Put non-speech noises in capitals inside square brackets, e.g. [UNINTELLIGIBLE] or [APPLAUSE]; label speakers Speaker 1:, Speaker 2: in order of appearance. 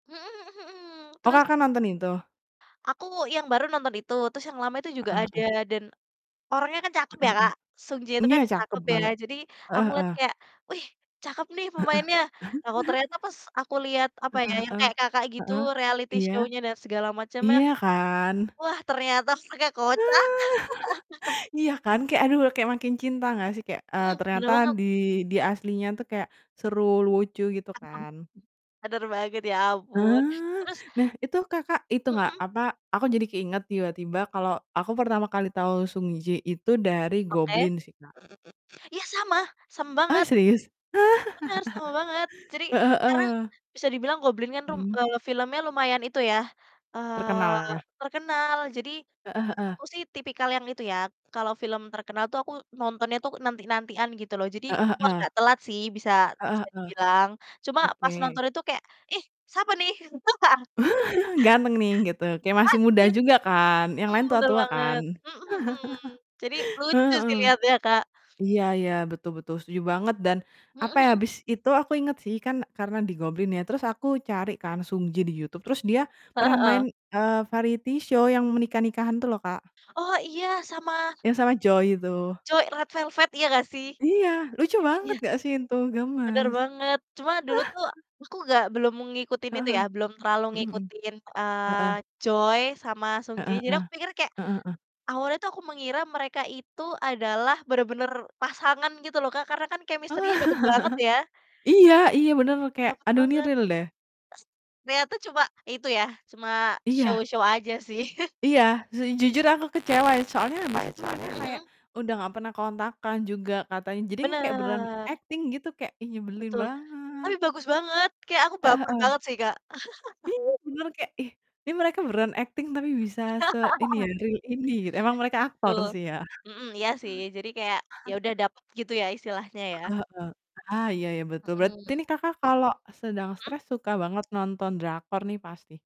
Speaker 1: Mhm mhm mhm,
Speaker 2: Oh,
Speaker 1: terus
Speaker 2: Kakak, nonton itu?
Speaker 1: Aku, yang baru nonton itu, terus yang lama itu juga
Speaker 2: Heeh
Speaker 1: ada
Speaker 2: heeh.
Speaker 1: dan orangnya kan cakep
Speaker 2: Heeh
Speaker 1: ya, Kak, Sung J
Speaker 2: heeh,
Speaker 1: itu
Speaker 2: iya,
Speaker 1: kan
Speaker 2: cakep
Speaker 1: cakep ya,
Speaker 2: banget,
Speaker 1: jadi aku
Speaker 2: heeh
Speaker 1: liat
Speaker 2: heeh.
Speaker 1: kayak, "Wih cakep nih pemainnya," lah
Speaker 2: Heeh.
Speaker 1: kok
Speaker 2: [CHUCKLES]
Speaker 1: ternyata pas aku liat apa ya,
Speaker 2: Heeh
Speaker 1: yang
Speaker 2: heeh
Speaker 1: kayak, Kakak, gitu
Speaker 2: heeh,
Speaker 1: reality
Speaker 2: iya.
Speaker 1: show-nya dan segala macamnya,
Speaker 2: Iya kan?
Speaker 1: wah, ternyata pakek kocak. [LAUGHS]
Speaker 2: [LAUGHS] Iya kan? Kayak, aduh, kayak makin cinta gak sih? Kayak, eee,
Speaker 1: Mhm, bener
Speaker 2: ternyata
Speaker 1: banget.
Speaker 2: di di aslinya tuh kayak seru, lucu, gitu
Speaker 1: [CHUCKLES]
Speaker 2: kan.
Speaker 1: Bener banget, ya ampun,
Speaker 2: Ah,
Speaker 1: terus
Speaker 2: nah itu, Kakak, itu
Speaker 1: Mhm
Speaker 2: gak
Speaker 1: mhm.
Speaker 2: apa, aku jadi keinget tiba-tiba kalau aku pertama kali tau Sung Ji itu dari
Speaker 1: Oke,
Speaker 2: Goblin sih, Kak.
Speaker 1: ya, sama sama
Speaker 2: Ah,
Speaker 1: banget.
Speaker 2: serius?
Speaker 1: Bener, sama banget jadi
Speaker 2: [LAUGHS] Heeh
Speaker 1: karena
Speaker 2: heeh.
Speaker 1: bisa dibilang Goblin kan rum
Speaker 2: Mhm.
Speaker 1: eee, filmnya lumayan itu ya,
Speaker 2: Terkenal
Speaker 1: eee,
Speaker 2: ya?
Speaker 1: terkenal, jadi
Speaker 2: Heeh heeh.
Speaker 1: aku sih tipikal yang itu ya, kalau film terkenal tuh aku nontonnya tuh nanti-nantian, gitu loh, jadi
Speaker 2: Heeh
Speaker 1: aku
Speaker 2: heeh.
Speaker 1: agak telat sih bisa
Speaker 2: Heeh
Speaker 1: bisa
Speaker 2: heeh.
Speaker 1: dibilang. Cuma pas
Speaker 2: Oke.
Speaker 1: nonton itu kayak, "Ih, siapa nih?" [LAUGHS]
Speaker 2: [LAUGHS] Ganteng nih gitu, kayak
Speaker 1: Ah,
Speaker 2: masih muda
Speaker 1: [UNINTELLIGIBLE]
Speaker 2: juga kan, yang
Speaker 1: mmm,
Speaker 2: lain
Speaker 1: bener
Speaker 2: tua-tua kan?
Speaker 1: banget, mhm mhm, jadi
Speaker 2: [CHUCKLES]
Speaker 1: lucu
Speaker 2: Heeh.
Speaker 1: sih lihatnya, Kak.
Speaker 2: Iya iya, betul betul, setuju banget dan
Speaker 1: Mhm
Speaker 2: apa ya,
Speaker 1: mhm.
Speaker 2: habis itu aku inget sih, kan karena di Goblin ya, terus aku cari kan Sung Ji di YouTube, terus dia
Speaker 1: Heeh
Speaker 2: pernah
Speaker 1: heeh.
Speaker 2: main, eee, variety show yang menikah-nikahan tuh loh, Kak.
Speaker 1: Oh, iya, sama
Speaker 2: Yang sama Joy itu.
Speaker 1: cowok Red Velvet, iya gak sih?
Speaker 2: Iya, lucu banget
Speaker 1: Iya.
Speaker 2: gak sih itu,
Speaker 1: Bener
Speaker 2: gemes.
Speaker 1: banget. Cuma dulu tuh
Speaker 2: [CHUCKLES]
Speaker 1: aku gak belum ngikutin
Speaker 2: Heeh
Speaker 1: itu
Speaker 2: heeh,
Speaker 1: ya, belum terlalu
Speaker 2: mhm mhm,
Speaker 1: ngikutin, eee,
Speaker 2: heeh.
Speaker 1: Joy sama Sung Ji
Speaker 2: Heeh
Speaker 1: jadi
Speaker 2: heeh.
Speaker 1: aku pikir kayak
Speaker 2: Heeh heeh.
Speaker 1: awalnya tuh aku mengira mereka itu adalah bener-bener pasangan gitu loh, Kak, karena kan
Speaker 2: Oh,
Speaker 1: chemistry-nya dapet banget ya.
Speaker 2: [CHUCKLES] iya iya bener loh kayak
Speaker 1: Dapet
Speaker 2: aduh ini
Speaker 1: banget,
Speaker 2: real deh.
Speaker 1: s ternyata cuma itu ya, cuma
Speaker 2: Iya.
Speaker 1: show-show aja sih. [CHUCKLES]
Speaker 2: Iya, su jujur aku kecewa ya soalnya habis itu mereka
Speaker 1: Mhm
Speaker 2: kayak
Speaker 1: mhm.
Speaker 2: udah nggak pernah kontakkan juga katanya, jadi kayak beneran
Speaker 1: Bener.
Speaker 2: akting gitu kayak, ih, nyebelin
Speaker 1: Betul,
Speaker 2: banget.
Speaker 1: tapi bagus banget, kayak aku
Speaker 2: Heeh
Speaker 1: baper
Speaker 2: heeh.
Speaker 1: banget sih, Kak. [CHUCKLES]
Speaker 2: Iya, beneran kayak, ih, ini mereka beneran akting tapi bisa se ini ya
Speaker 1: [LAUGHS]
Speaker 2: real ini, emang mereka aktor
Speaker 1: Betul,
Speaker 2: sih ya.
Speaker 1: mhm, iya sih, jadi kayak yaudah
Speaker 2: [CHUCKLES]
Speaker 1: dapet gitu ya istilahnya ya?
Speaker 2: Heeh heeh. Ah, iya iya, betul, berarti
Speaker 1: Mhm.
Speaker 2: ini, Kakak, kalo sedang
Speaker 1: Mhm?
Speaker 2: stres suka banget nonton drakor nih pasti?